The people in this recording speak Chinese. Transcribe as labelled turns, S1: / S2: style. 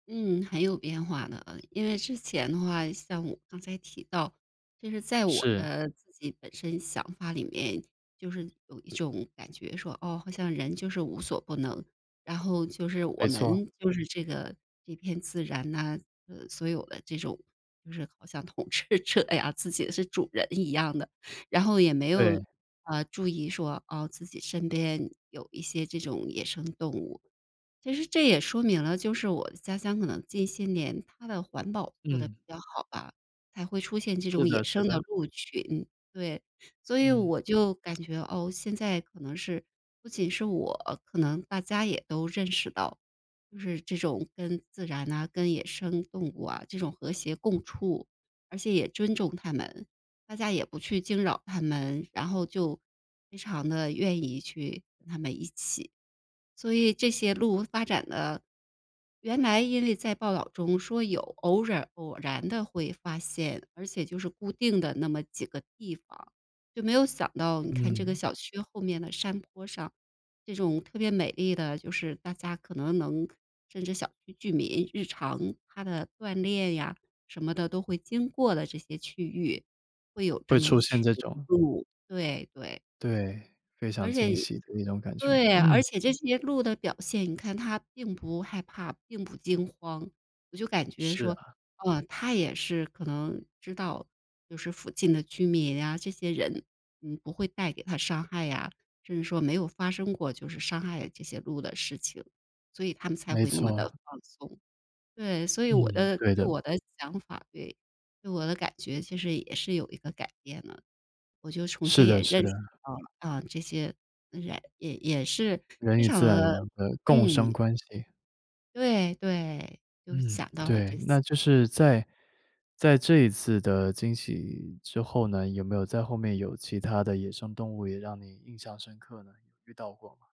S1: 嗯，很有变化的，呃，因为之前的话，像我刚才提到，就是在我
S2: 是。
S1: 的自己本身想法里面，就是有一种感觉说，哦，好像人就是无所不能，然后就是我
S2: 没错。
S1: 们就是这个这片自然呐，这个所有的这种就是好像统治者呀，自己是主人一样的。然后也没
S2: 对。
S1: 有，啊，注意说，哦，自己身边有一些这种野生动物。其实这也说明了，就是我的家乡可能近些年它的环保做得比
S2: 嗯。
S1: 较好吧，才会出现这
S2: 是
S1: 种野
S2: 的，是
S1: 生的
S2: 的。
S1: 鹿群，对。所以
S2: 嗯。
S1: 我就感觉，哦，现在可能是不仅是我，可能大家也都认识到，就是这种跟自然呐，跟野生动物啊，这种和谐共处，而且也尊重它们，大家也不去惊扰它们，然后就非常地愿意去跟它们一起，所以这些鹿发展的原来因为在报道中说有偶尔偶然地会发现，而且就是固定的那么几个地方。就没有想到你看这个
S2: 嗯。
S1: 小区后面的山坡上，这种特别美丽的就是大家可能能甚至小区居民日常他的锻炼呀，什么的都会经过的这些区域会有这
S2: 会
S1: 么一
S2: 出
S1: 群
S2: 现这种。
S1: 鹿，对，对。
S2: 对，非常
S1: 而
S2: 惊
S1: 且
S2: 喜的那种感觉。
S1: 对，而
S2: 嗯。
S1: 且这些鹿的表现，你看它并不害怕，并不惊慌。我就感觉
S2: 是
S1: 说，
S2: 啊。
S1: 哦，它也是可能知道，就是附近的居民呀，这些人，嗯，不会带给它伤害呀，甚至说没有发生过就是伤害这些鹿的事情，所以它们才
S2: 没
S1: 会那么得
S2: 错。
S1: 放松。对，所以我
S2: 嗯，
S1: 的
S2: 对
S1: 对，
S2: 的。
S1: 我的想法，对，对我的感觉其实也是有一个改变的。我就重
S2: 是
S1: 新
S2: 的
S1: 也
S2: 是
S1: 认
S2: 的。
S1: 识到了，啊，这些人也也是
S2: 人
S1: 非
S2: 与
S1: 常
S2: 自然
S1: 的
S2: 的共生
S1: 嗯。
S2: 关系。
S1: 对，对，就
S2: 嗯，
S1: 想到了
S2: 对，
S1: 这次。
S2: 那就是
S1: 嗯。
S2: 在在这一次的惊喜之后呢，有没有在后面有其它的野生动物也让你印象深刻呢？遇到过吗？